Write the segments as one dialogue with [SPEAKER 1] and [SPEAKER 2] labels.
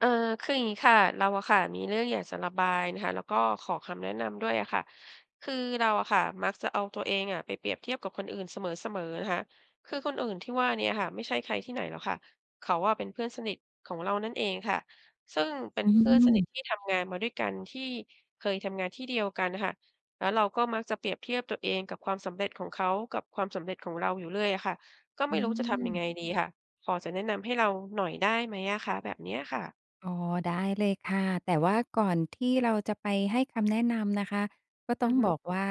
[SPEAKER 1] เอ่อ คืออย่างงี้ค่ะ เราอะค่ะ มีเรื่องอยากจะระบายนะคะ แล้วก็ขอคำแนะนำด้วยอะค่ะ คือเราอะค่ะ มักจะเอาตัวเองอะ ไปเปรียบเทียบกับคนอื่นเสมอ ๆ นะคะ คือคนอื่นที่ว่าเนี่ยอะค่ะ ไม่ใช่ใครที่ไหนหรอกค่ะ เขาอะเป็นเพื่อนสนิทของเรานั่นเองค่ะ ซึ่งเป็น
[SPEAKER 2] อื
[SPEAKER 1] เพื่อนสนิท
[SPEAKER 2] ม
[SPEAKER 1] ที่ทำงานมาด้วยกัน ที่เคยทำงานที่เดียวกันน่ะค่ะ แล้วเราก็มักจะเปรียบเทียบตัวเองกับความสำเร็จของเขา กับความสำเร็จของเราอยู่เรื่อยอะค่ะ ก็ไ
[SPEAKER 2] อ
[SPEAKER 1] ม่รู้จะทำยัง
[SPEAKER 2] ืม
[SPEAKER 1] ไงดีค่ะ พอจะแนะนำให้เราหน่อยได้ไหมอะคะ แบบเนี้ยค่ะ?
[SPEAKER 2] อ๋อ ได้เลยค่ะ แต่ว่าก่อนที่เราจะไปให้คำแนะนำนะคะ ก็
[SPEAKER 1] อ
[SPEAKER 2] ต
[SPEAKER 1] ื
[SPEAKER 2] ้อ
[SPEAKER 1] อ
[SPEAKER 2] ง
[SPEAKER 1] ฮึ
[SPEAKER 2] บอกว่า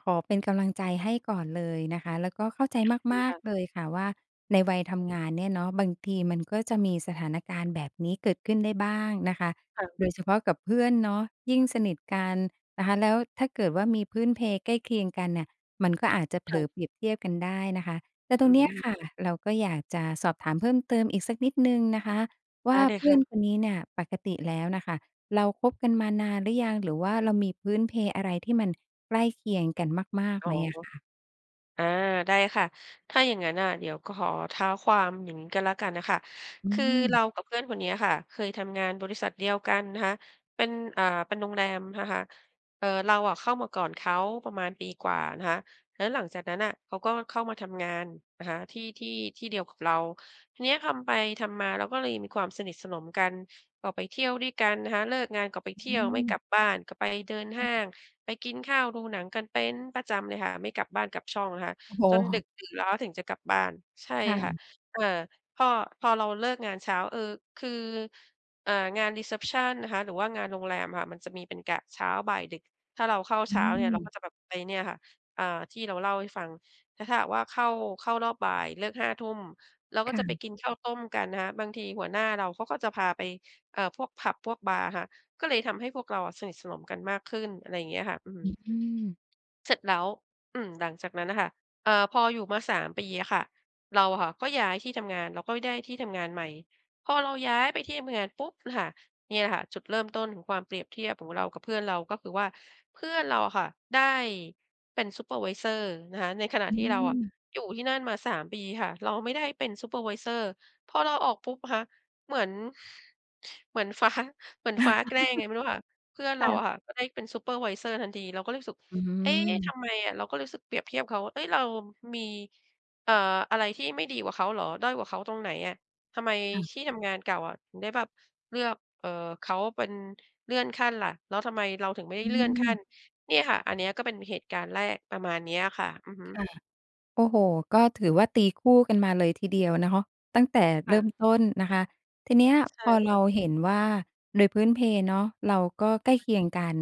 [SPEAKER 2] ขอเป็นกำลังใจให้ก่อนเลยนะคะ แล้วก็เข้าใจ
[SPEAKER 1] ขอบคุ
[SPEAKER 2] ม
[SPEAKER 1] ณ
[SPEAKER 2] า
[SPEAKER 1] ค
[SPEAKER 2] ก
[SPEAKER 1] ่ะ
[SPEAKER 2] ๆ เลยค่ะว่า ในวัยทำงานเนี่ยเนาะ บางทีมันก็จะมีสถานการณ์แบบนี้เกิดขึ้นได้บ้างนะคะ
[SPEAKER 1] ค่ะ
[SPEAKER 2] โดยเฉพาะกับเพื่อนเนาะ ยิ่งสนิทกันนะคะ แล้วถ้าเกิดว่ามีพื้นเพใกล้เคียงกันเนี่ย มันก็อาจจะเผ
[SPEAKER 1] ค
[SPEAKER 2] ล
[SPEAKER 1] ่ะ
[SPEAKER 2] อเปรียบเทียบกันได้นะคะ แต่ต
[SPEAKER 1] อ
[SPEAKER 2] ร
[SPEAKER 1] ื
[SPEAKER 2] งเนี้ย
[SPEAKER 1] ม
[SPEAKER 2] ค่ะ เราก็อยากจะสอบถามเพิ่มเติมอีกสักนิดหนึ่งนะคะว
[SPEAKER 1] ได
[SPEAKER 2] ่
[SPEAKER 1] ้
[SPEAKER 2] า
[SPEAKER 1] เล
[SPEAKER 2] เ
[SPEAKER 1] ย
[SPEAKER 2] พ
[SPEAKER 1] ค
[SPEAKER 2] ื่
[SPEAKER 1] ่
[SPEAKER 2] อ
[SPEAKER 1] ะ
[SPEAKER 2] นคนนี้เนี่ย ปกติแล้วน่ะค่ะ เราคบกันมานานหรือยัง หรือว่าเรามีพื้นเพอะไรที่มันใกล้เคียงกันมาก
[SPEAKER 1] อ
[SPEAKER 2] ๆ
[SPEAKER 1] ๋
[SPEAKER 2] ไ
[SPEAKER 1] อ
[SPEAKER 2] หมอะคะ?
[SPEAKER 1] อา ได้ค่ะ ถ้าอย่างงั้นน่ะ เดี๋ยว ก ขอเท้าความอย่างงี้ก็แล้วกันน่ะค่ะ
[SPEAKER 2] อื
[SPEAKER 1] คือเร
[SPEAKER 2] ม
[SPEAKER 1] ากับเพื่อนคนเนี้ยค่ะ เคยทำงานบริษัทเดียวกันนะคะ เป็น อ่า เป็นโรงแรมนะคะ เอ่อ เราอะเข้ามาก่อนเขาประมาณปีกว่านะคะ แล้วหลังจากนั้นน่ะ เขาก็เข้ามาทำงานนะคะ ที่ ที่ ที่เดียวกับเรา ทีเนี้ยทำไปทำมา เราก็เลยมีความสนิทสนมกัน ก็ไปเที่ยวด้วยกันนะคะ เลิกงานก็ไปเที
[SPEAKER 2] อื
[SPEAKER 1] ่ยว ไม่กล
[SPEAKER 2] ม
[SPEAKER 1] ับบ้าน ก็ไปเดิน
[SPEAKER 2] อ
[SPEAKER 1] ห
[SPEAKER 2] ้
[SPEAKER 1] ้า
[SPEAKER 2] อ
[SPEAKER 1] ง ไปกินข้าว ดูหนังกันเป็นประจำเลยค่ะ ไม่กลับบ้านกลับช่องนะคะ
[SPEAKER 2] โอ้โ
[SPEAKER 1] จนด
[SPEAKER 2] ฮ
[SPEAKER 1] ึกดื่นแล้วถึงจะกลับบ้าน ใช่
[SPEAKER 2] ค่
[SPEAKER 1] ค่ะ
[SPEAKER 2] ะ
[SPEAKER 1] อ่า พ่อ พอเราเลิกงานเช้า เอ่อ คือ อ่า งาน รีเซปชัน นะคะ หรือว่างานโรงแรมอะค่ะ มันจะมีเป็นกะเช้า บ่าย ดึก ถ้าเราเข้า
[SPEAKER 2] อ
[SPEAKER 1] เช
[SPEAKER 2] ื
[SPEAKER 1] ้าเนี่ย เรา
[SPEAKER 2] ม
[SPEAKER 1] ก็จะแบบไป เนี่ยค่ะ อ่า ที่เราเล่าให้ฟัง แล้วถ้าหากว่า เข้า เข้ารอบบ่ายเลิก 5 ทุ่ม เราก็
[SPEAKER 2] ค่
[SPEAKER 1] จะไป
[SPEAKER 2] ะ
[SPEAKER 1] กินข้าวต้มกันนะคะ บางทีหัวหน้าเราเขาก็จะพาไป เอ่อ พวกผับ พวกบาร์ค่ะ ก็เลยทำให้พวกเราอะสนิทสนมกันมากขึ้น อะไรอย่างเงี้ยค่ะ อื
[SPEAKER 2] อ
[SPEAKER 1] ม
[SPEAKER 2] ือ
[SPEAKER 1] เสร็จแล้ว อืม หลังจากนั้นน่ะค่ะ เอ่อ พออยู่มา 3 ปีอะค่ะ เราอะค่ะก็ย้ายที่ทำงาน เราก็ได้ที่ทำงานใหม่ พอเราย้ายไปที่ทำงานปุ๊บค่ะ เนี่ยค่ะ จุดเริ่มต้นของความเปรียบเทียบของเรากับเพื่อนเรา ก็คือว่า เพื่อนเราอะค่ะ ได้เป็นซูเปอร์ไวเซอร์นะคะ ในขณะ
[SPEAKER 2] อื
[SPEAKER 1] ที่เราอะ
[SPEAKER 2] ม
[SPEAKER 1] อยู่ที่นั่นมา 3 ปีค่ะ เราไม่ได้เป็นซูเปอร์ไวเซอร์ พอเราออกปุ๊บอะคะ เหมือน เหมือน ฟ้า เหมือนฟ้าแกล้งยังไงไม่รู้ค่ะ เพื่อน
[SPEAKER 2] ค
[SPEAKER 1] เร
[SPEAKER 2] ่
[SPEAKER 1] าอ
[SPEAKER 2] ะ
[SPEAKER 1] ะค่ะ ก็ได้เป็นซูเปอร์ไวเซอร์ทันที เราก็รู้สึก
[SPEAKER 2] อื
[SPEAKER 1] "เอ๊ ท
[SPEAKER 2] ม
[SPEAKER 1] ำไมอะ?" เราก็รู้สึกเปรียบเทียบเขา "เอ๊ย เรามี เอ่อ อะไรที่ไม่ดีกว่าเขาเหรอ? ด้อยกว่าเขาตรงไหนอะ? ทำไม
[SPEAKER 2] ค่ะ
[SPEAKER 1] ที่ทำงานเก่าอะถึงได้แบบเลือก เอ่อ เขาเป็น เลื่อนขั้นล่ะ? แล้วทำไมเราถึงไม่ได้
[SPEAKER 2] อื
[SPEAKER 1] เลื่อนขั้น?"
[SPEAKER 2] ม
[SPEAKER 1] เนี่ยค่ะ อันเนี้ยก็เป็นเหตุการณ์แรก ประมาณเนี้ยค่ะ อือฮึ
[SPEAKER 2] ค่ะ โอ้โฮ ก็ถือว่าตีคู่กันมาเลยทีเดียวเนาะ ตั้งแต่
[SPEAKER 1] ค
[SPEAKER 2] เร
[SPEAKER 1] ่
[SPEAKER 2] ิ่
[SPEAKER 1] ะ
[SPEAKER 2] มต้นนะคะ ทีเนี้ย
[SPEAKER 1] ใช
[SPEAKER 2] พ
[SPEAKER 1] ่
[SPEAKER 2] อ
[SPEAKER 1] ค
[SPEAKER 2] เร
[SPEAKER 1] ่ะ
[SPEAKER 2] าเห็นว่า โดยพื้นเพเนาะ เราก็ใกล้เคียงกัน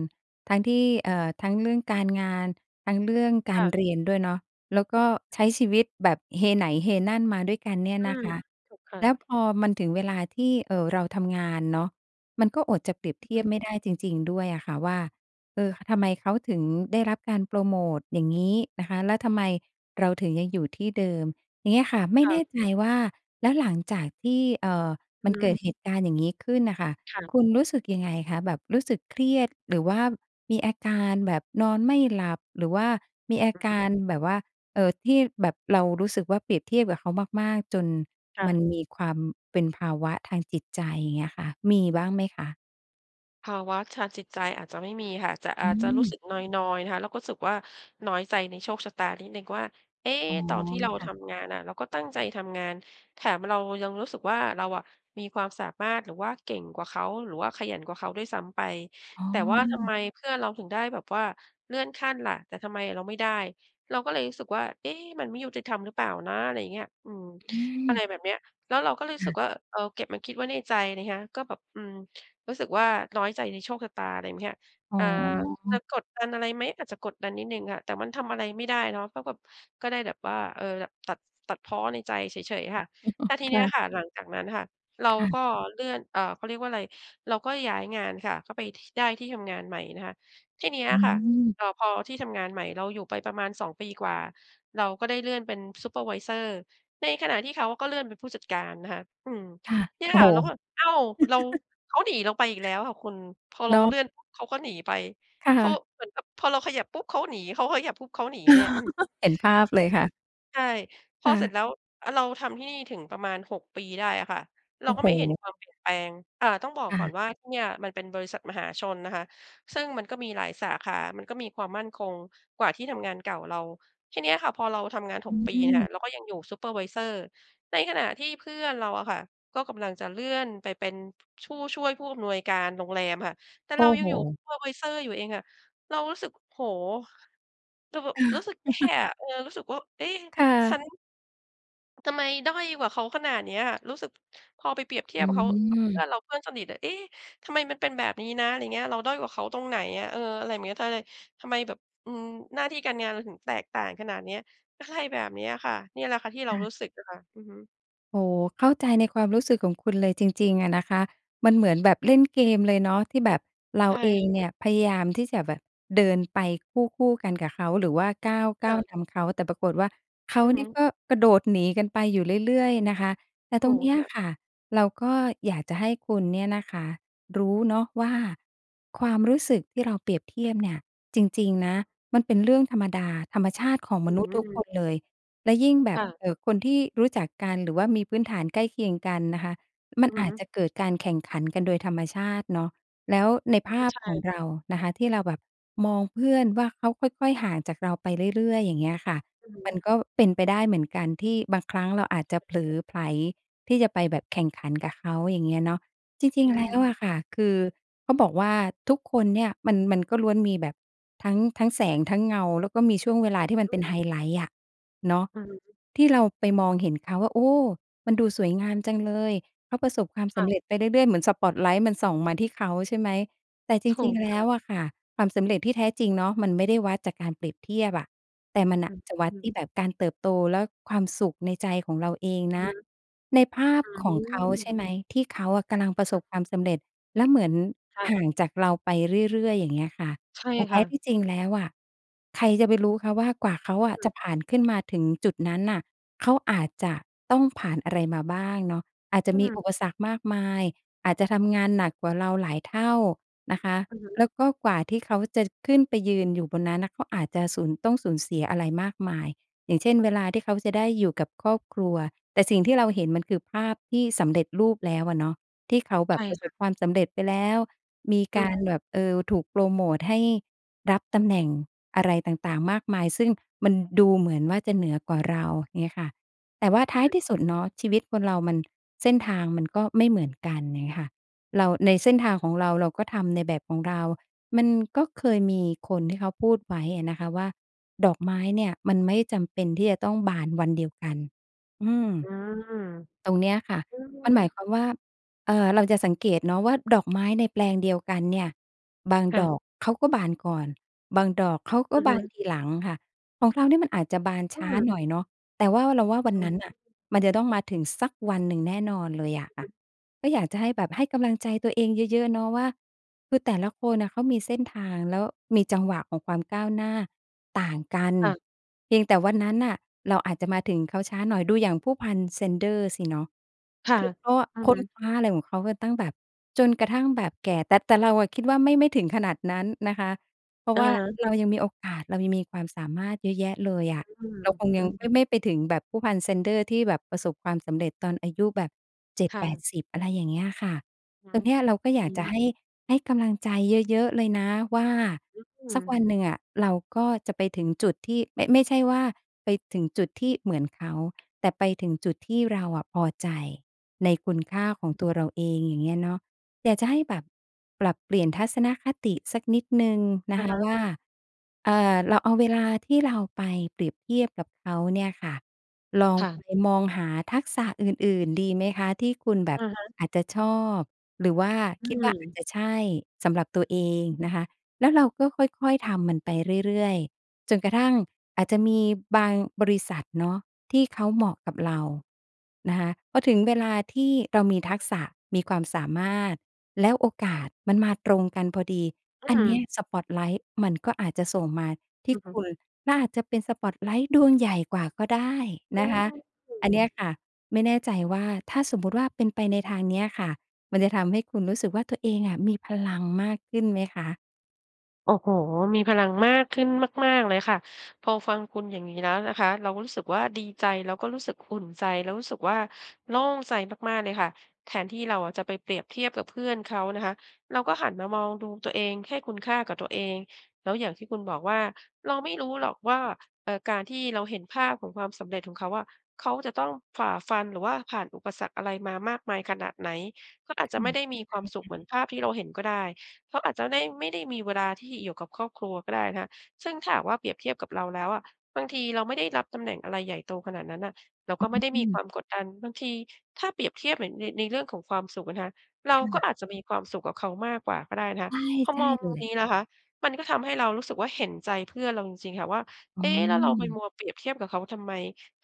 [SPEAKER 2] ทั้งที่ เอ่อ ทั้งเรื่องการงาน ทั้งเรื่องก
[SPEAKER 1] ค
[SPEAKER 2] า
[SPEAKER 1] ่
[SPEAKER 2] ร
[SPEAKER 1] ะ
[SPEAKER 2] เรียนด้วยเนาะ แล้วก็ใช้ชีวิตแบบเฮไหนเฮนั่นมาด้วยกันเนี่ย
[SPEAKER 1] อื
[SPEAKER 2] นะ
[SPEAKER 1] ม
[SPEAKER 2] คะ
[SPEAKER 1] ถูกค่
[SPEAKER 2] แ
[SPEAKER 1] ะ
[SPEAKER 2] ล้วพอมันถึงเวลาที่ เอ่อ เราทำงานเนาะ มันก็อดจะเปรียบ
[SPEAKER 1] อื
[SPEAKER 2] เท
[SPEAKER 1] อ
[SPEAKER 2] ี
[SPEAKER 1] ฮ
[SPEAKER 2] ยบ
[SPEAKER 1] ึ
[SPEAKER 2] ไม่ได้จริง ๆ ด้วยอะค่ะว่า เออ ทำไมเขาถึงได้รับการโปรโมทอย่างงี้นะคะ แล้วทำไมเราถึงยังอยู่ที่เดิม อย่างเงี้ยค่ะ ไม่
[SPEAKER 1] ค่
[SPEAKER 2] แน่
[SPEAKER 1] ะ
[SPEAKER 2] ใจว่า แล้วหลังจากที่ เอ่อ
[SPEAKER 1] อ
[SPEAKER 2] ม
[SPEAKER 1] ื
[SPEAKER 2] ั
[SPEAKER 1] อ
[SPEAKER 2] น
[SPEAKER 1] ฮึ
[SPEAKER 2] เกิดเหตุการณ์อย่างงี้ขึ้นน่ะค่ะ
[SPEAKER 1] ค่ะ
[SPEAKER 2] คุณรู้สึกยังไงคะ? แบบรู้สึกเครียด หรือว่ามีอาการแบบนอนไม่หลับ หรือว่ามีอาก
[SPEAKER 1] อือ
[SPEAKER 2] ารแบบว่า เอ่อ ที่แบบเรารู้สึกว่าเปรียบเทียบกับเขามาก ๆ จน
[SPEAKER 1] ค่
[SPEAKER 2] มัน
[SPEAKER 1] ะ
[SPEAKER 2] มีความเป็นภาวะทางจิตใจ อย่างเงี้ยค่ะ มีบ้างไหมคะ?
[SPEAKER 1] ภาวะทางจิตใจอาจจะไม่มีค่ะ แต่
[SPEAKER 2] อ
[SPEAKER 1] อ
[SPEAKER 2] ื
[SPEAKER 1] าจจะรู้สึ
[SPEAKER 2] ม
[SPEAKER 1] กนอย ๆ นะคะ เราก็รู้สึกว่าน้อยใจในโชคชะตานิดหนึ่งว่า เอ๊ะ
[SPEAKER 2] อ๋อ
[SPEAKER 1] ตอนที่เรา
[SPEAKER 2] ค่ะ
[SPEAKER 1] ทำงานน่ะ เราก็ตั้งใจทำงาน แถมเรายังรู้สึกว่า เราอะมีความสามารถ หรือว่าเก่งกว่าเขา หรือว่าขยันกว่าเขาด้วยซ้ำไป
[SPEAKER 2] อ๋อ
[SPEAKER 1] แต่ว่าทำไมเพื่อนเราถึงได้แบบว่าเลื่อนขั้นล่ะ แต่ทำไมเราไม่ได้ เราก็เลยรู้สึกว่า "เอ๊ะ มันไม่ยุติธรรมหรือเปล่านะ?" อะไรอย่างเงี้ย อืม
[SPEAKER 2] อื
[SPEAKER 1] อะ
[SPEAKER 2] ม
[SPEAKER 1] ไรแบบเนี้ย แล้วเราก็รู้
[SPEAKER 2] ค
[SPEAKER 1] ส
[SPEAKER 2] ่
[SPEAKER 1] ึก
[SPEAKER 2] ะ
[SPEAKER 1] ว่า เอาเก็บมาคิดไว้ในใจนี่คะ ก็แบบ อืม รู้สึกว่าน้อยใจในโชคชะตา อะไรงี้ค่ะ
[SPEAKER 2] อ๋
[SPEAKER 1] อ
[SPEAKER 2] อ
[SPEAKER 1] ่า จะกดดันอะไรไหม? อาจจะกดดันนิดหนึ่งอะ แต่มันทำอะไรไม่ได้เนาะ ก็แบบ ก็ได้แบบว่า เอ่อ แบบตัด ตัดพ้อในใจเฉย ๆ ค
[SPEAKER 2] ค
[SPEAKER 1] ่
[SPEAKER 2] ่
[SPEAKER 1] ะ
[SPEAKER 2] ะ
[SPEAKER 1] แต่ทีเ
[SPEAKER 2] ค
[SPEAKER 1] นี้
[SPEAKER 2] ่
[SPEAKER 1] ย
[SPEAKER 2] ะ
[SPEAKER 1] ค่ะ หลังจากนั้นค่ะ เรา
[SPEAKER 2] ค่ะ
[SPEAKER 1] ก็เลื่อน เอ่อ เขาเรียกว่าอะไร เราก็ย้ายงานค่ะ ก็ไป ท ได้ที่ทำงานใหม่นะคะ ทีเนี้ย
[SPEAKER 2] อื
[SPEAKER 1] ค่ะ
[SPEAKER 2] ม
[SPEAKER 1] เอ่อ พอที่ทำงานใหม่ เราอยู่ไปประมาณ 2 ปีกว่า เราก็ได้เลื่อนเป็นซูเปอร์ไวเซอร์ ในขณะที่เขาก็เลื่อนเป็นผู้จัดการนะคะ อืม
[SPEAKER 2] ค่ะ
[SPEAKER 1] เนี่ย
[SPEAKER 2] โอ้
[SPEAKER 1] ค
[SPEAKER 2] โ
[SPEAKER 1] ่
[SPEAKER 2] ฮ
[SPEAKER 1] ะ เราก็แบบ อ้าว เรา เขาหนีเราไปอีกแล้วค่ะคุณ พอเ
[SPEAKER 2] เ
[SPEAKER 1] ร
[SPEAKER 2] น
[SPEAKER 1] า
[SPEAKER 2] า
[SPEAKER 1] เล
[SPEAKER 2] ะ
[SPEAKER 1] ื่อนปุ๊บ เขาก็หนีไป
[SPEAKER 2] ค่
[SPEAKER 1] คือ
[SPEAKER 2] ะ
[SPEAKER 1] เหมือนกับ พอเราขยับปุ๊บ เขาหนี เขาขยับปุ๊บ เขาหนีเนี่ย อืม
[SPEAKER 2] เห็นภาพเลยค่ะ
[SPEAKER 1] ใช่ พ
[SPEAKER 2] ค
[SPEAKER 1] อ
[SPEAKER 2] ่
[SPEAKER 1] เส
[SPEAKER 2] ะ
[SPEAKER 1] ร็จแล้ว เราทำที่นี่ถึงประมาณ 6 ปีได้อะค่ะ เ
[SPEAKER 2] โ
[SPEAKER 1] ร
[SPEAKER 2] อ
[SPEAKER 1] า
[SPEAKER 2] ้
[SPEAKER 1] ก
[SPEAKER 2] โ
[SPEAKER 1] ็ไม่เห็น
[SPEAKER 2] ฮ
[SPEAKER 1] ความเปลี่ยนแปลง อ่า ต้องบอ
[SPEAKER 2] ค
[SPEAKER 1] ก
[SPEAKER 2] ่
[SPEAKER 1] ก่อน
[SPEAKER 2] ะ
[SPEAKER 1] ว่าที่เนี่ย มันเป็นบริษัทมหาชนนะคะ ซึ่งมันก็มีหลายสาขา มันก็มีความมั่นคงกว่าที่ทำงานเก่าเรา ทีเนี้ยค่ะพอเราทำงาน ห
[SPEAKER 2] อ
[SPEAKER 1] ก ปีเนี่ยค่
[SPEAKER 2] ืม
[SPEAKER 1] ะ เราก็ยังอยู่ซูเปอร์ไวเซอร์ ในขณะที่เพื่อนเราอะค่ะ ก็กำลังจะเลื่อนไปเป็น ผ ผู้ช่วยผู้อำนวยการโรงแรมค่ะ แต่
[SPEAKER 2] โอ
[SPEAKER 1] เร
[SPEAKER 2] ้
[SPEAKER 1] ายั
[SPEAKER 2] โฮ
[SPEAKER 1] งอยู่ซูเปอร์ไวเซอร์อยู่เองอะ เรารู้สึก โอ้โฮ แต่แบ
[SPEAKER 2] เอ
[SPEAKER 1] บร
[SPEAKER 2] อ
[SPEAKER 1] ู้สึกแย่อะ เออ รู้สึกว่า เอ๊ะ
[SPEAKER 2] ค่
[SPEAKER 1] ฉั
[SPEAKER 2] ะ
[SPEAKER 1] น ทำไมด้อยกว่าเขาขนาดเนี้ยอะ รู้สึก พอไปเปรียบเที
[SPEAKER 2] อ
[SPEAKER 1] ย
[SPEAKER 2] ื
[SPEAKER 1] บกับเขา เพื่อ
[SPEAKER 2] ม
[SPEAKER 1] นเรา เพื่อนสนิทอะ เอ๊ะ ทำไมมันเป็นแบบนี้นะ อะไรเงี้ย เราด้อยกว่าเขาตรงไหนอะ? เออ อะไรเงี้ย ทำไม ทำไมแบบ อืม หน้าที่การงานเราถึงแตกต่างขนาดเนี้ย อะไรแบบเนี้ยค่ะ เนี่ยแหละค่ะที่
[SPEAKER 2] ค
[SPEAKER 1] เรา
[SPEAKER 2] ่ะ
[SPEAKER 1] รู้สึกอะค่ะ อือฮึ
[SPEAKER 2] โอ้โฮ เข้าใจในความรู้สึกของคุณเลยจริง ๆ อะนะคะ มันเหมือนแบบเล่นเกมเลยเนาะ ที่แบบเรา
[SPEAKER 1] ใช่
[SPEAKER 2] เอง
[SPEAKER 1] ค่ะ
[SPEAKER 2] เนี่ยพยายามที่จะแบบเดินไปคู่ คู่กันกับเขา หรือว่า ก้าว ก
[SPEAKER 1] ค
[SPEAKER 2] ้
[SPEAKER 1] ่
[SPEAKER 2] าว
[SPEAKER 1] ะ
[SPEAKER 2] นำเขา แต่ปรากฏว่า เขา
[SPEAKER 1] อือ
[SPEAKER 2] เ
[SPEAKER 1] ฮ
[SPEAKER 2] นี
[SPEAKER 1] ึ
[SPEAKER 2] ่ยก็กระโดดหนีกันไปอยู่เรื่อย ๆ นะคะ แต่
[SPEAKER 1] โ
[SPEAKER 2] ต
[SPEAKER 1] อ้
[SPEAKER 2] รงเนี้ย
[SPEAKER 1] ค่ะ
[SPEAKER 2] ค่ะ เราก็อยากจะให้คุณเนี่ยนะคะ รู้เนาะว่า ความรู้สึกที่เราเปรียบเทียบเนี่ย จริง ๆ นะ มันเป็นเรื่องธรรมดา ธรรมชาติของ
[SPEAKER 1] อ
[SPEAKER 2] ม
[SPEAKER 1] ื
[SPEAKER 2] นุษย์ทุกค
[SPEAKER 1] ม
[SPEAKER 2] นเลย แล้วยิ่งแบ
[SPEAKER 1] ค
[SPEAKER 2] บ
[SPEAKER 1] ่ะ
[SPEAKER 2] เอ่อ คนที่รู้จักกัน หรือว่ามีพื้นฐานใกล้เคียงกันนะคะ ม
[SPEAKER 1] อ
[SPEAKER 2] ั
[SPEAKER 1] ื
[SPEAKER 2] นอ
[SPEAKER 1] อ
[SPEAKER 2] า
[SPEAKER 1] ฮ
[SPEAKER 2] จ
[SPEAKER 1] ึ
[SPEAKER 2] จะเกิดการแข่งขันกันโดยธรรมชาติเนาะ แล้วในภ
[SPEAKER 1] ก
[SPEAKER 2] า
[SPEAKER 1] ็
[SPEAKER 2] พ
[SPEAKER 1] ใช
[SPEAKER 2] ของ
[SPEAKER 1] ่
[SPEAKER 2] เรานะคะ ที่เราแบบมองเพื่อนว่า เขาค่อย ๆ ห่างจากเราไปเรื่อย ๆ อย่างเงี้ยค่ะ
[SPEAKER 1] อือฮึ
[SPEAKER 2] มันก็เป็นไปได้เหมือนกันที่บางครั้งเราอาจจะเผลอไผลที่จะไปแบบแข่งขันกับเขา อย่างเงี้ยเนาะ จริ
[SPEAKER 1] อ
[SPEAKER 2] ง
[SPEAKER 1] ื
[SPEAKER 2] ๆ แล้
[SPEAKER 1] ม
[SPEAKER 2] วอะค่ะ คือ เขาบอกว่า ทุกคนเนี่ย มัน มันก็ล้วนมีแบบ ทั้ง ทั้งแสง ทั้งเงา แล้วก็มีช่วงเวลาที่มั
[SPEAKER 1] อ
[SPEAKER 2] นเป็นไฮ
[SPEAKER 1] ืม
[SPEAKER 2] ไลต์อะ เนาะ
[SPEAKER 1] อือฮึ
[SPEAKER 2] ที่เราไปมองเห็นเขาว่า โอ้! มันดูสวยงามจังเลย เขาประสบความ
[SPEAKER 1] ค
[SPEAKER 2] ส
[SPEAKER 1] ่ะ
[SPEAKER 2] ำเร็จไปเรื่อย ๆ เหมือนสปอตไลต์มันส่องมาที่เขา ใช่ไหม แต่จ
[SPEAKER 1] ถู
[SPEAKER 2] ริง
[SPEAKER 1] ก
[SPEAKER 2] ๆ แล
[SPEAKER 1] ค
[SPEAKER 2] ้
[SPEAKER 1] ่ะ
[SPEAKER 2] วอะค่ะ ความสำเร็จที่แท้จริงเนาะ มันไม่ได้วัดจากการเปรียบเทียบอะ แต่มันน
[SPEAKER 1] อ
[SPEAKER 2] ่
[SPEAKER 1] ื
[SPEAKER 2] ะ
[SPEAKER 1] อ
[SPEAKER 2] จะวั
[SPEAKER 1] ฮ
[SPEAKER 2] ดท
[SPEAKER 1] ึ
[SPEAKER 2] ี่แบบการเติบโต และความสุขในใจของเราเอง
[SPEAKER 1] อ
[SPEAKER 2] น
[SPEAKER 1] ื
[SPEAKER 2] ะ
[SPEAKER 1] ม
[SPEAKER 2] ในภาพ
[SPEAKER 1] อื้อ
[SPEAKER 2] ข
[SPEAKER 1] ฮ
[SPEAKER 2] อ
[SPEAKER 1] ื
[SPEAKER 2] งเขา ใช่ไ
[SPEAKER 1] อ
[SPEAKER 2] หม ที่เค้าอะกำลังประส
[SPEAKER 1] อือ
[SPEAKER 2] บความสำเร็จ แล้วเหมือน
[SPEAKER 1] ค่ะ
[SPEAKER 2] ห่างจากเราไปเรื่อย ๆ อย่างเงี้ยค่ะ
[SPEAKER 1] ใช่
[SPEAKER 2] แต่แท
[SPEAKER 1] ค่
[SPEAKER 2] ้ท
[SPEAKER 1] ะ
[SPEAKER 2] ี่จริงแล้วอะ ใครจะไปรู้คะว่า กว่าเขาอ
[SPEAKER 1] อือ
[SPEAKER 2] ะ
[SPEAKER 1] อื
[SPEAKER 2] จ
[SPEAKER 1] ม
[SPEAKER 2] ะผ่านขึ้นมาถึงจุดนั้นน่ะ เขาอาจจะต้องผ่านอะไรมาบ้างเนาะ อาจจ
[SPEAKER 1] อื
[SPEAKER 2] ะมี
[SPEAKER 1] ม
[SPEAKER 2] อุปสรรคมากมาย อาจจะทำงานหนักกว่าเราหลายเท่านะคะ
[SPEAKER 1] อือฮึ
[SPEAKER 2] แล้วก็กว่าที่เขาจะขึ้นไปยืนอยู่บนนั้นน่ะ เขาอาจจะ สูญ ต้องสูญเสียอะไรมากมาย อย่างเช่น เวลาที่เขาจะได้อยู่กับครอบครัว แต่สิ่งที่เราเห็น มันคือภาพที่สำเร็จรูปแล้วอะเนาะ ที่เขาแ
[SPEAKER 1] ใ
[SPEAKER 2] บ
[SPEAKER 1] ช
[SPEAKER 2] บ
[SPEAKER 1] ่
[SPEAKER 2] ประ
[SPEAKER 1] ค
[SPEAKER 2] ส
[SPEAKER 1] ่ะ
[SPEAKER 2] บความสำเร็จไปแล้ว มี
[SPEAKER 1] อื
[SPEAKER 2] กา
[SPEAKER 1] ม
[SPEAKER 2] รแบบ เอ่อ ถูกโปรโมตให้รับตำแหน่ง อะไรต่าง ๆ มากมาย ซึ่งมันดูเหมือนว่าจะเหนือกว่าเรา เงี้ยค่ะ แต่ว่าท้ายที่สุดเนาะ ชีวิตคนเรามัน เส้นทางมันก็ไม่เหมือนกัน อย่างงี้ค่ะ เรา ในเส้นทางของเรา เราก็ทำในแบบของเรา มันก็เคยมีคนที่เขาพูดไว้อะนะคะว่า ดอกไม้เนี่ย มันไม่จำเป็นที่จะต้องบานวันเดียวกัน อืม
[SPEAKER 1] อืม
[SPEAKER 2] ตรงเนี้ยค่ะ
[SPEAKER 1] อื
[SPEAKER 2] มันหมาย
[SPEAKER 1] ม
[SPEAKER 2] ความว่า เอ่อ เราจะสังเกตเนาะว่า ดอกไม้ในแปลงเดียวกันเนี่ย บาง
[SPEAKER 1] ค่
[SPEAKER 2] ดอ
[SPEAKER 1] ะ
[SPEAKER 2] กเขาก็บานก่อน บางดอกเขาก็
[SPEAKER 1] อือ
[SPEAKER 2] บ
[SPEAKER 1] ฮึ
[SPEAKER 2] านทีหลังค่ะ ของเราเนี่ย มันอาจจะบาน
[SPEAKER 1] อ
[SPEAKER 2] ช
[SPEAKER 1] ื
[SPEAKER 2] ้า
[SPEAKER 1] ม
[SPEAKER 2] หน่อยเนาะ แต่ว่าเราว่าวัน
[SPEAKER 1] อ๋
[SPEAKER 2] นั้น
[SPEAKER 1] อ
[SPEAKER 2] น่ะ มันจะต้องมาถึงสักวันหนึ่งแน่นอนเลยอะค่ะ ก็อยากจะให้แบบ ให้กำลังใจตัวเองเยอะ ๆ เนาะว่า คือแต่ละคนอะ เขามีเส้นทาง แล้วมีจังหวะของความก้าวหน้าต่างกัน
[SPEAKER 1] ค่ะ
[SPEAKER 2] เพียงแต่วันนั้นน่ะ เราอาจจะมาถึงเขาช้าหน่อย ดูอย่างผู้พันแซนเดอส์สิเนาะ
[SPEAKER 1] ค่ะ
[SPEAKER 2] คือเขาอะ
[SPEAKER 1] อือ
[SPEAKER 2] ค
[SPEAKER 1] ฮ
[SPEAKER 2] ้น
[SPEAKER 1] ึ
[SPEAKER 2] คว้าอะไรของเขาก็ตั้งแบบ จนกระทั่งแบบแก่ แต่ แต่เราอะคิดว่า ไม่ ไม่ถึงขนาดนั้นนะคะ เพรา
[SPEAKER 1] อ
[SPEAKER 2] ะว่า
[SPEAKER 1] า
[SPEAKER 2] เรายังมีโอกาส เรายังมีความสามารถเยอะแยะเลยอะ
[SPEAKER 1] อื
[SPEAKER 2] เ
[SPEAKER 1] อ
[SPEAKER 2] ราคงย
[SPEAKER 1] อื
[SPEAKER 2] ัง
[SPEAKER 1] ม
[SPEAKER 2] ไม่-ไม่ไปถึงแบบผู้พันแซนเดอส์ที่แบบประสบความสำเร็จตอนอายุแบบ เจ็ด
[SPEAKER 1] ค่
[SPEAKER 2] แป
[SPEAKER 1] ะ
[SPEAKER 2] ดสิบ อะไรอย่างเงี้ยอะค่ะ
[SPEAKER 1] อื
[SPEAKER 2] ตร
[SPEAKER 1] ม
[SPEAKER 2] งเนี้ยเราก็อย
[SPEAKER 1] อ
[SPEAKER 2] า
[SPEAKER 1] ื
[SPEAKER 2] กจะ ใ
[SPEAKER 1] ม
[SPEAKER 2] ห้ ให้กำลังใจเยอะ ๆ เลยนะว่า
[SPEAKER 1] อื
[SPEAKER 2] สักว
[SPEAKER 1] ม
[SPEAKER 2] ันหนึ่งอะ เราก็จะไปถึงจุดที่ ไม่ ไม่ใช่ว่าไปถึงจุดที่เหมือนเขา แต่ไปถึงจุดที่เราอะพอใจในคุณค่าของตัวเราเอง อย่างเงี้ยเนาะ อยากจะให้แบบปรับเปลี่ยนทัศนคติสักนิดหนึ่งน
[SPEAKER 1] อ
[SPEAKER 2] ะ
[SPEAKER 1] ะ
[SPEAKER 2] คะ
[SPEAKER 1] ฮะ
[SPEAKER 2] ว่า เอ่อ เราเอาเวลาที่เราไปเปรียบเทียบกับเขาเนี่ยค่ะ ลอง
[SPEAKER 1] ค่ะ
[SPEAKER 2] ไปมองหาทักษะอื่น ๆ ดีไหมคะ ที่คุณแบ
[SPEAKER 1] อ
[SPEAKER 2] บ
[SPEAKER 1] ะฮะ
[SPEAKER 2] อาจจะชอบ หรือว่า
[SPEAKER 1] อื
[SPEAKER 2] คิดว่า อาจ
[SPEAKER 1] ม
[SPEAKER 2] จะใช่สำหรับตัวเองนะคะ แล้วเราก็ค่อย ๆ ทำมันไปเรื่อย ๆ จนกระทั่งอาจจะมีบางบริษัทเนาะ ที่เขาเหมาะกับเรานะคะ พอถึงเวลาที่เรามีทักษะ มีความสามารถ แล้วโอกาสมันมาตรงกันพอดี
[SPEAKER 1] อื
[SPEAKER 2] อันเนี้ย
[SPEAKER 1] ม
[SPEAKER 2] สปอตไลต์มันก็อาจจะส่งมาที
[SPEAKER 1] อ
[SPEAKER 2] ่
[SPEAKER 1] ือฮ
[SPEAKER 2] ค
[SPEAKER 1] ึ
[SPEAKER 2] ุณ และอาจจะเป็นสปอตไลต์ดวงใหญ่กว่าก็ได้นะคะ
[SPEAKER 1] ใช
[SPEAKER 2] อันเนี้
[SPEAKER 1] ่
[SPEAKER 2] ยค่ะ ไม่แน่ใจว่า ถ้าสมมุติว่าเป็นไปในทางเนี้ยอะค่ะ มันจะทำให้คุณรู้สึกว่า ตัวเองอะมีพลังมากขึ้นไหมคะ?
[SPEAKER 1] โอ้โฮ มีพลังมากขึ้นมาก ๆ เลยค่ะ พอฟังคุณอย่างงี้แล้วนะคะ เราก็รู้สึกว่า ดีใจ แล้วก็รู้สึกอุ่นใจ เรารู้สึกว่า โล่งใจมาก ๆ เลยค่ะ แทนที่เราอะ จะไปเปรียบเทียบกับเพื่อนเขานะคะ เราก็หันมามองดูตัวเอง ให้คุณค่ากับตัวเอง แล้วอย่างที่คุณบอกว่า เราไม่รู้หรอกว่า เอ่อ การที่เราเห็นภาพของความสำเร็จของเขาอะ เขาจะต้องฝ่าฟัน หรือว่าผ่านอุปสรรคอะไรมามากมายขนาดไหน เขาอาจ
[SPEAKER 2] ค
[SPEAKER 1] จะ
[SPEAKER 2] ่
[SPEAKER 1] ไ
[SPEAKER 2] ะ
[SPEAKER 1] ม่ได้มี
[SPEAKER 2] ได
[SPEAKER 1] ค
[SPEAKER 2] ้
[SPEAKER 1] วามสุ
[SPEAKER 2] ค
[SPEAKER 1] ขเหมือ
[SPEAKER 2] ่
[SPEAKER 1] น
[SPEAKER 2] ะ
[SPEAKER 1] ภาพที่เราเห็นก็ได้ เขาอาจจะได้ ไม่ได้มีเวลาที่อยู่กับครอบครัวก็ได้นะคะ ซึ่งถ้าหากว่าเปรียบเทียบกับเราแล้วอะ บางทีเราไม่ได้รับตำแหน่งอะไรใหญ่โตขนาดนั้นน่ะ เรา
[SPEAKER 2] อ
[SPEAKER 1] ก็ไม่ได้มี
[SPEAKER 2] ื
[SPEAKER 1] ค
[SPEAKER 2] ม
[SPEAKER 1] วามกดดัน บางทีถ้าเปรียบเทียบเหมือนใน ในเรื่องของความสุขอะนะคะ เร
[SPEAKER 2] ค
[SPEAKER 1] า
[SPEAKER 2] ่
[SPEAKER 1] ก็
[SPEAKER 2] ะ
[SPEAKER 1] อาจจะมีความสุขกว่าเขา มากกว่าก็ได้นะค
[SPEAKER 2] ใช
[SPEAKER 1] ะ
[SPEAKER 2] ่
[SPEAKER 1] พอ
[SPEAKER 2] ใช
[SPEAKER 1] ม
[SPEAKER 2] ่
[SPEAKER 1] อง
[SPEAKER 2] เล
[SPEAKER 1] มุม
[SPEAKER 2] ย
[SPEAKER 1] นี้นะคะ มันก็ทำให้เรารู้สึกว่า เห็นใจเพื่อนเราจริง ๆ ค่ะว่า
[SPEAKER 2] อ
[SPEAKER 1] เ
[SPEAKER 2] ๋
[SPEAKER 1] อ๊ะ แล้วเราไป
[SPEAKER 2] อ
[SPEAKER 1] มัวเปรียบเทียบกับเขาทำไม?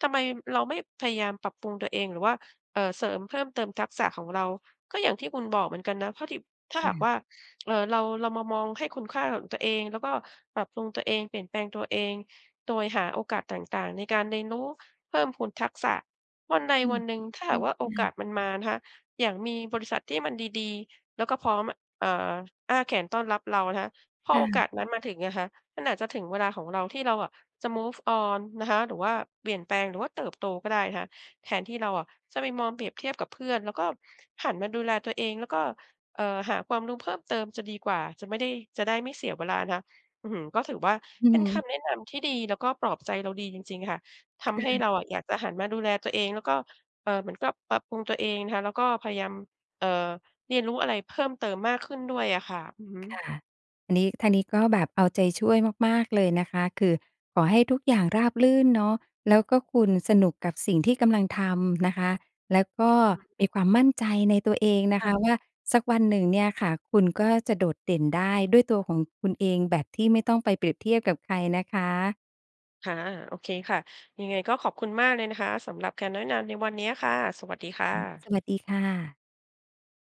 [SPEAKER 1] ทำไมเราไม่พยายามปรับปรุงตัวเอง? หรือว่า เอ่อ เสริมเพิ่มเติมทักษะของเรา? ก็อย่างที่คุณบอกเหมือนกันนะ เพราะที่ ถ้า
[SPEAKER 2] ค
[SPEAKER 1] ห
[SPEAKER 2] ่
[SPEAKER 1] าก
[SPEAKER 2] ะ
[SPEAKER 1] ว่า เอ่อ เรา เรามามองให้คุณค่าของตัวเอง แล้วก็ปรับปรุงตัวเอง เปลี่ยนแปลงตัวเอง โดยหาโอกาสต่าง ๆ ในการเรียนรู้เพิ่มพูนทักษะ วันใด
[SPEAKER 2] อื
[SPEAKER 1] ว
[SPEAKER 2] ม
[SPEAKER 1] ันหนึ่งถ้า
[SPEAKER 2] ใช
[SPEAKER 1] หา
[SPEAKER 2] ่
[SPEAKER 1] กว่าโอกา
[SPEAKER 2] ๆ
[SPEAKER 1] สมันมานะคะ อย่างมีบริษัทที่มันดี ๆ แล้วก็พร้อมอะ อ่า อ้าแขนต้อนรับเราอะนะคะ พอ
[SPEAKER 2] ค่
[SPEAKER 1] โอก
[SPEAKER 2] ะ
[SPEAKER 1] าสนั้นมาถึงอะคะ มันอาจจะถึงเวลาของเราที่เราอะ จะ move on นะคะ หรือว่าเปลี่ยนแปลง หรือว่าเติบโต ก็ได้นะคะ แทนที่เราอะจะไปมองเปรียบเทียบกับเพื่อน แล้วก็หันมาดูแลตัวเอง แล้วก็ เอ่อ หาความรู้เพิ่มเติมจะดีกว่า จะไม่ได้ จะได้ไม่เสียเวลานะคะ อื้อฮือ ก็ถือว่า
[SPEAKER 2] อื
[SPEAKER 1] เ
[SPEAKER 2] อ
[SPEAKER 1] ป็
[SPEAKER 2] ฮ
[SPEAKER 1] นค
[SPEAKER 2] ึ
[SPEAKER 1] ำแนะนำที่ดี แล้วก็ปลอบใจเราดีจริง ๆ ค่ะ ท
[SPEAKER 2] ค
[SPEAKER 1] ำ
[SPEAKER 2] ่
[SPEAKER 1] ให้
[SPEAKER 2] ะ
[SPEAKER 1] เราอะอยากจะหันมาดูแลตัวเอง แล้วก็ เอ่อ เหมือนกับปรับปรุงตัวเองนะคะ แล้วก็พยายาม เอ่อ เรียนรู้อะไรเพิ่มเติมมากขึ้นด้วยอะค่ะ อือฮ
[SPEAKER 2] ค่
[SPEAKER 1] ึ
[SPEAKER 2] ะ อันนี้ ทางนี้ก็แบบเอาใจช่วยมาก ๆ เลยนะคะ คือขอให้ทุกอย่างราบรื่นเนาะ แล้วก็คุณสนุกกับสิ่งที่กำลังทำนะคะ แล้วก็
[SPEAKER 1] อือ
[SPEAKER 2] มีความมั่นใจในตัวเองน
[SPEAKER 1] ค
[SPEAKER 2] ะค
[SPEAKER 1] ่ะ
[SPEAKER 2] ะ ว่า สักวันหนึ่งเนี่ยค่ะ คุณก็จะโดดเด่นได้ด้วยตัวของคุณเอง แบบที่ไม่ต้องไปเปรียบเทียบกับใครนะคะ
[SPEAKER 1] ค่ะ โอเคค่ะ ยังไงก็ขอบคุณมากเลยนะคะ สำหรับคำแนะนำในวันเนี้ยค่ะ สวัสดีค่ะ
[SPEAKER 2] สวัสดีค่ะ